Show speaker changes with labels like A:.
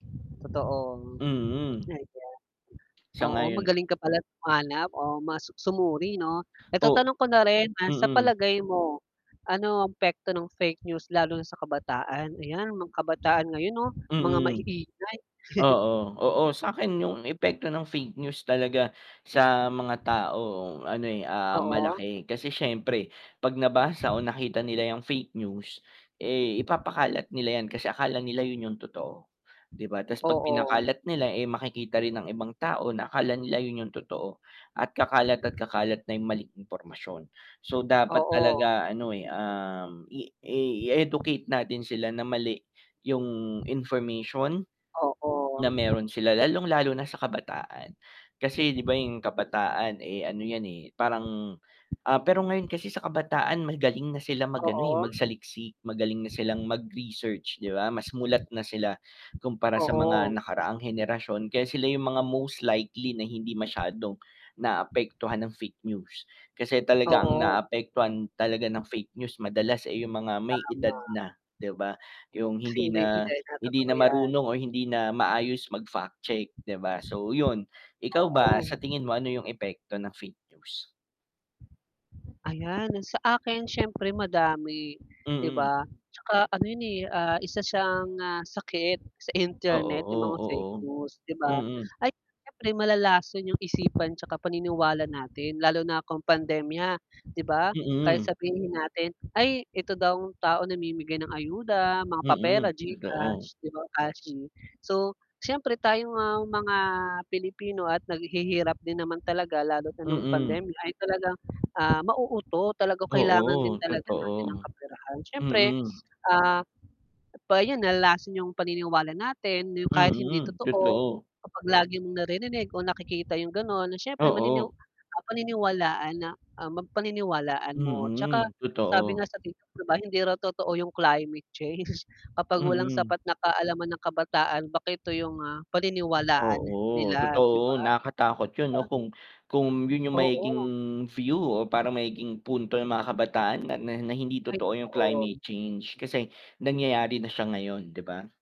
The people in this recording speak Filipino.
A: Totoong
B: Mm.
A: ayan. Oo,
B: Sang-ayon
A: magaling ka pala humanap o mas sumuri 'no? Eto
B: O
A: tanong ko na rin na sa
B: mm.
A: palagay mo, ano ang epekto ng fake news lalo na sa kabataan, ayan mga kabataan ngayon 'no mga
B: Mm.
A: maiingay.
B: Oo, oo sa'kin yung epekto ng fake news talaga sa mga tao ano, eh, ah,
A: Oo.
B: malaki kasi siyempre 'pag nabasa o nakita nila yung fake news eh, ipapakalat nila yan kasi akala nila yun yung totoo, di ba tas 'pag
A: Oo.
B: pinakalat nila eh, makikita rin ang ibang tao na akala nila yun yung totoo at kakalat at kakalat na yong maling impormasyon, so dapat
A: Oo.
B: talaga ano eh, um, i i-educate natin sila na mali yung information,
A: Oo
B: na meron sila lalong lalo na sa kabataan, kasi di ba yung kabataan eh, ano yan eh, parang ah, pero ngayon kasi sa kabataan magaling na sila mag-ano, eh,
A: Oo.
B: magsaliksik magaling na silang mag-research di ba, mas mulat na sila kumpara sa mga
A: Oo.
B: nakaraang henerasyon kaya sila yung mga most likely na hindi masyadong, naapektuhan ng fake news, kasi talaga ang
A: Oo.
B: naapektuhan talaga ng fake news madalas, eh, yung mga may edad
A: Tama.
B: na, di ba? Yung
A: Si
B: hindi
A: may
B: na
A: edad na,
B: hindi
A: totoo
B: na
A: yan.
B: marunong o hindi na maayos mag-fact check di ba so yun. Ikaw ba
A: Oo.
B: sa tingin mo ano yung epekto ng fake news?
A: Ayan, sa akin siyempre madami di
B: Mm.
A: ba tsaka ano yun, eh, isa siyang, ah, sakit sa
B: Oo,
A: internet yung mga fake
B: o oo,
A: news 'di ba,
B: mm.
A: ay siyempre malalason yung isipan tsaka paniniwala natin lalo na kung pandemya 'di ba kahit
B: Mm.
A: sabihin natin ay ito daw ang taong namimigay ng ayuda, mga papera,
B: Mm, totoo.
A: Gcash, cash, so siyempre tayong mga Pilipino at naghihirap din naman talaga lalo na nung
B: Mm.
A: pandemya ay talagang, ah, mauuto talaga kailangan din
B: Oo,
A: talaga natin ng
B: totoo.
A: kaperahan syempre,
B: Mm.
A: ah, pa yun nalalason yung paniniwala natin na yung kahit hindi
B: Mm,
A: totoo
B: totoo.
A: kapag lagi mong naririnig o nakikita yung ganon na siyempre manini
B: Oo.
A: paniniwalaan na, ang mag paniniwalaan mo tsaka
B: Mm,
A: sabi
B: totoo.
A: nga sa Tiktok di ba hindi raw totoo yung climate change kapag walang
B: Mm.
A: sapat na kaalaman ang kabataan bakit ito yung mga paniniwalaan
B: Oo,
A: nila, di ba?
B: totoo, nakatakot yun 'no kung kung yun yung magiging
A: Oo.
B: view o parang magiging punto ng mga kabataan na na na hindi
A: Ay
B: totoo yung
A: totoo.
B: climate change kasi nangyayari na siya ngayon, di ba?